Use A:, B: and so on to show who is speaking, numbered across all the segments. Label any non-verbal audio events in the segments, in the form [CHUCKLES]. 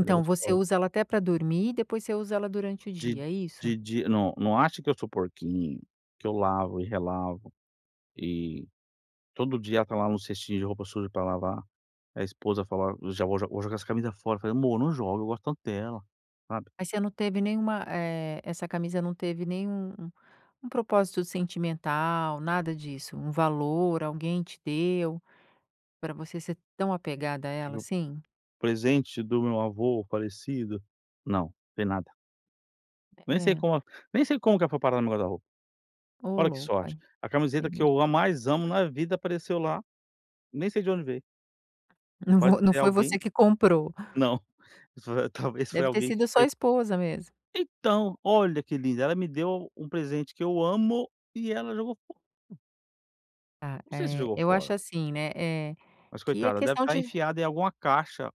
A: Ela é
B: você
A: gostosa.
B: usa ela até para dormir e depois você usa ela durante o
A: Di
B: dia, é isso?
A: di di não não acha que eu sou porquinho, que eu lavo e relavo, e, todo dia ela tá lá no cestinho de roupa suja para lavar. A esposa fala: "Já vou jo vou jogar essa camisa fora", eu falei: "Amor, não joga, eu gosto tanto dela", sabe.
B: Aí você não teve nenhuma, eh, essa camisa não teve nenhum, um propósito sentimental, nada disso, um valor, alguém te deu para você ser tão apegada a ela
A: [UNINTELLIGIBLE]
B: assim?
A: Presente do meu avô falecido, não não tem nada. Nem sei
B: Eh.
A: como nem sei como que ela foi parar no meu guarda-roupa.
B: Ô
A: Olha que
B: louco
A: sorte.
B: aí
A: A
B: é
A: camiseta que
B: mesmo.
A: eu a mais amo na vida apareceu lá, nem sei de onde veio. É
B: Não
A: capaz de
B: vo
A: ser
B: não
A: de
B: foi
A: alguém,
B: você que comprou?
A: [CHUCKLES] não, talvez foi
B: Deve ter
A: alguém que
B: sido sua
A: foi
B: esposa, mesmo.
A: Então, olha que linda, ela me deu um presente que eu amo e ela jogou fora.
B: Ah,
A: Não sei se
B: eh,
A: jogou
B: eu acho
A: fora
B: assim, né, eh,
A: mas,
B: que é
A: coitada, deve
B: questão
A: estar
B: de
A: enfiada em alguma caixa,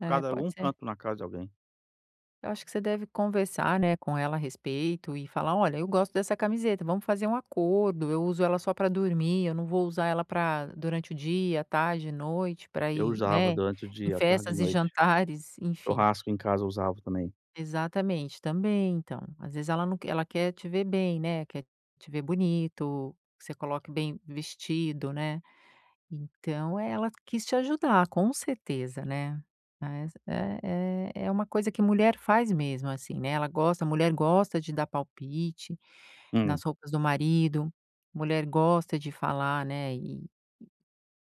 B: É,
A: em
B: pode
A: algum
B: ser.
A: canto na casa de alguém.
B: Eu acho que você deve conversar, né, com ela a respeito e falar: "Olha, eu gosto dessa camiseta vamos fazer um acordo, eu uso ela só para dormir, eu não vou usar ela para durante o dia, tarde e noite para
A: Eu
B: ir,
A: usava
B: né,
A: durante o
B: em
A: dia, à tarde e
B: festas
A: à
B: e
A: noite.
B: jantares, enfim
A: Churrasco em casa, eu usava também.
B: Exatamente, também, então, às vezes ela não quer ela quer te ver bem, né, quer te ver bonito, que você coloque bem vestido, né, então ela quis te ajudar, com certeza, né, mas é é é uma coisa que mulher faz mesmo, assim, né, ela gosta a mulher gosta de dar palpite
A: Hum.
B: nas roupas do marido, mulher gosta de falar, né, eh,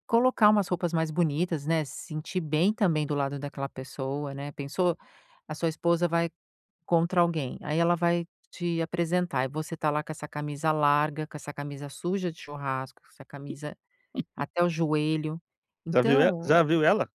B: colocar umas roupas mais bonitas, né, se sentir bem também do lado daquela pessoa, né, pensou, a sua esposa vai contra alguém aí ela vai te apresentar e você está lá com essa camisa larga, com essa camisa suja de churrasco, essa camisa
A: [CHUCKLES]
B: até o joelho,
A: Já viu e
B: então
A: já viu ela?